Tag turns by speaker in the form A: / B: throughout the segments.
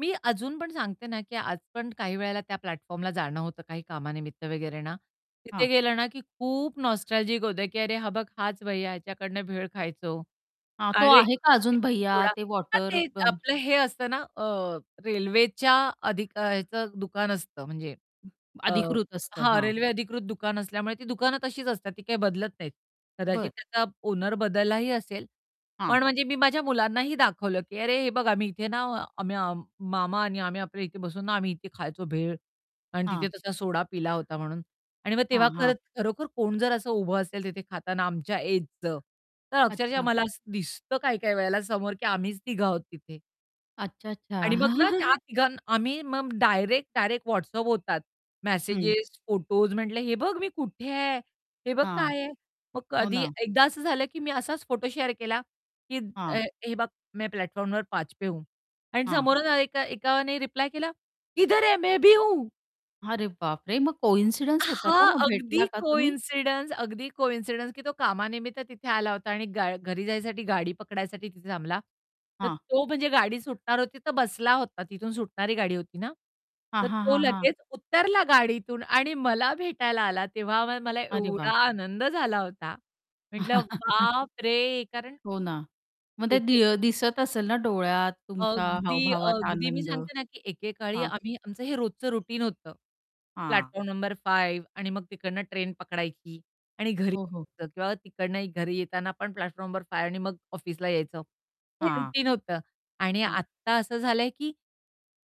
A: मी अजून पण सांगते ना, की आज पण काही वेळेला त्या प्लॅटफॉर्मला जाणं होतं काही कामानिमित्त वगैरे ना, तिथे
B: हां.
A: गेलं ना, की खूप नॉस्टॅल्जिक होतं, की "अरे हा बघ हाच भैय्या ह्याच्याकडनं भेळ खायचो,"
B: हां. तो
A: अरे
B: आहे
A: इथे
B: का अजून भैय्या
A: सोडा
B: ते
A: [unintelligible]
B: वॉटर
A: ते
B: बम
A: आपलं हे असतं ना, अ, रेल्वेच्या अधिकचं दुकान असतं म्हणजे अ,
B: अधिकृत असतं
A: हां,
B: हां.
A: रेल्वे अधिकृत दुकान असल्यामुळे ती दुकानं तशीच असतात ती काही बदलत नाहीत, कदाचित
B: बरं.
A: त्याचा ऑनर बदललाही असेल,
B: हां.
A: पण म्हणजे मी माझ्या मुलांनाही दाखवलं, की अरे हे बघा आम्ही इथे ना, आम्ही मामा आणि आम्ही आपल्या इथे बसून ना आम्ही इथे खायचो, भेळ आणि
B: हां.
A: तिथे तसा सोडा पिला होता म्हणून. आणि मग
B: हां,
A: तेव्हा
B: हां.
A: खर खरोखर कोण जर असं उभं असेल तिथे खाताना आमच्या एजचं तर अक्षरशः
B: अच्छा.
A: मला असं दिसतं काही-काही वेळेला समोर की आम्हीच तिघे आहोत तिथे.
B: अच्छा, अच्छा.
A: आणि मग ना, त्या तिघां आम्ही मग डायरेक्ट-डायरेक्ट WhatsApp होतात.
B: हं.
A: मेसेजस, फोटोस म्हटले, हे बघ मी कुठे आहे? हे बघ
B: हां.
A: काय आहे? मग
B: हो
A: कधी
B: ना.
A: एकदा असं झालं, की मी असाच फोटो शेअर केला, की अ,
B: हां.
A: हे बघ, मै प्लॅटफॉर्म नंबर 5 पे हूं. आणि
B: हां.
A: समोरून एका एकाने रिप्लाय केला, किधर है मैं भी हूं.
B: अरे बापरे! मग
A: अ,
B: कॉइन्सिडन्स होता का,
A: हां,
B: मग
A: अगदी
B: भेटला का तुम्ही?
A: कॉइन्सिडन्स अगदी कॉइन्सिडन्स की तो कामानिमित्त तिथे आला होता आणि गा घरी जाण्यासाठी गाडी पकडण्यासाठी तिथे थांबला. तर
B: हां.
A: तो म्हणजे गाडी सुटणार होती तर बसला होता, तिथून सुटणारी गाडी होती ना,
B: हां,
A: तर
B: हां,
A: तो
B: हां, हां.
A: लगेच उतरला गाडीतून आणि मला भेटायला आला तेव्हा [unintelligible] मला
B: अरे
A: एवढा
B: वाह!
A: आनंद झाला होता. म्हटलं बापरे! कारण
B: हो ना. मग ते
A: एके
B: दि अ, दिसत असेल ना, डोळ्यात तुमच्या
A: अगदी,
B: हावभावात
A: अगदी मी
B: आनंद,
A: सांगते ना, की एकेकाळी
B: हां.
A: आम्ही आमचं हे रोजचं रूटीन होतं
B: हां.
A: प्लॅटफॉर्म नंबर 5 आणि मग तिकडनं ट्रेन पकडायची आणि घरी
B: हो, हो.
A: यायचं किंवा तिकडनं घरी येताना पण प्लॅटफॉर्म नंबर 5 आणि मग ऑफिसला यायचं. हे
B: हां.
A: रूटीन होतं. आणि
B: हां.
A: आत्ता असं झालं आहे, की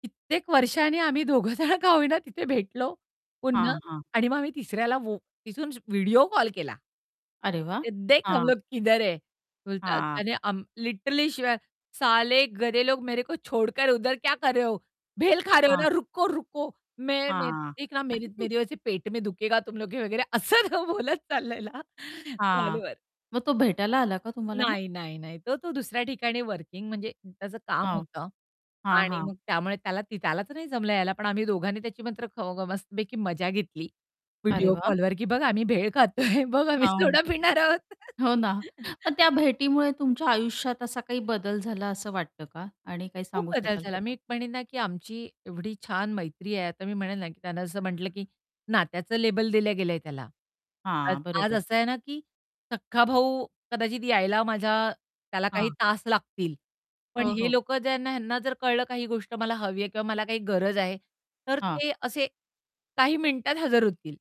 A: कित्येक वर्षांनी आम्ही दोघं जण का होईना तिथे भेटलो, पुन्हा
B: हां, हां.
A: आणि मग आम्ही तिसऱ्याला वो तिथून व्हिडिओ कॉल केला.
B: अरे वाह!
A: देख हम
B: हां.
A: लोग किधर है? बोलतात
B: हां.
A: त्याने आम लिटरली शिव्या साले गधे लोग मेरे को छोडकर उधर क्या कर रहे हो? बेल खा रहे हो
B: हां.
A: ना, रुको, रुको मैं
B: हां.
A: देख ना मेरे मेरे [unintelligible] पेट में दुखेगा तुम लोग के. वगैरे असं बोलत चालललेला
B: हां.
A: कॉलवर.
B: मग तो भेटायला आला का तुम्हाला मग?
A: नाही, नाही, नाही तो तो दुसऱ्या ठिकाणी वर्किंग म्हणजे त्याचं काम
B: हो.
A: होतं
B: हां,
A: आणि
B: हां.
A: मग त्यामुळे त्याला ती त्यालाच नाही जमलं यायला पण आम्ही दोघांनी त्याची मात्र ख ग मस्तपैकी मजा घेतली
B: अरे
A: व्हिडिओ
B: वाह!
A: कॉलवर, की बघ आम्ही भेळ खातोय बघ आम्ही
B: हां.
A: सोडा पिणार आहोत.
B: हो ना, पण त्या भेटीमुळे तुमच्या आयुष्यात असा काही बदल झाला असं वाटतं का? आणि काय
A: खूप
B: सांगू
A: बदल
B: शकाल
A: झाला.
B: त्याचा
A: मी म्हणेल ना, की आमची एवढी छान मैत्री आहे, आता मी म्हणेल ना, त्यांना असं म्हटलं, की नात्याचं लेबल दिलं गेलंय त्याला. आज
B: हां.
A: आज
B: बरोबर.
A: असं आहे ना, की सख्खा भाऊ कदाचित यायला माझ्या त्याला काही
B: हां.
A: तास लागतील, पण
B: हो,
A: हे
B: हो.
A: लोकं ज्यांना ह्यांना जर कळलं काही गोष्ट मला हवी आहे किंवा मला काही गरज आहे, तर
B: हां.
A: ते असे काही मिनिटात हजर होतील.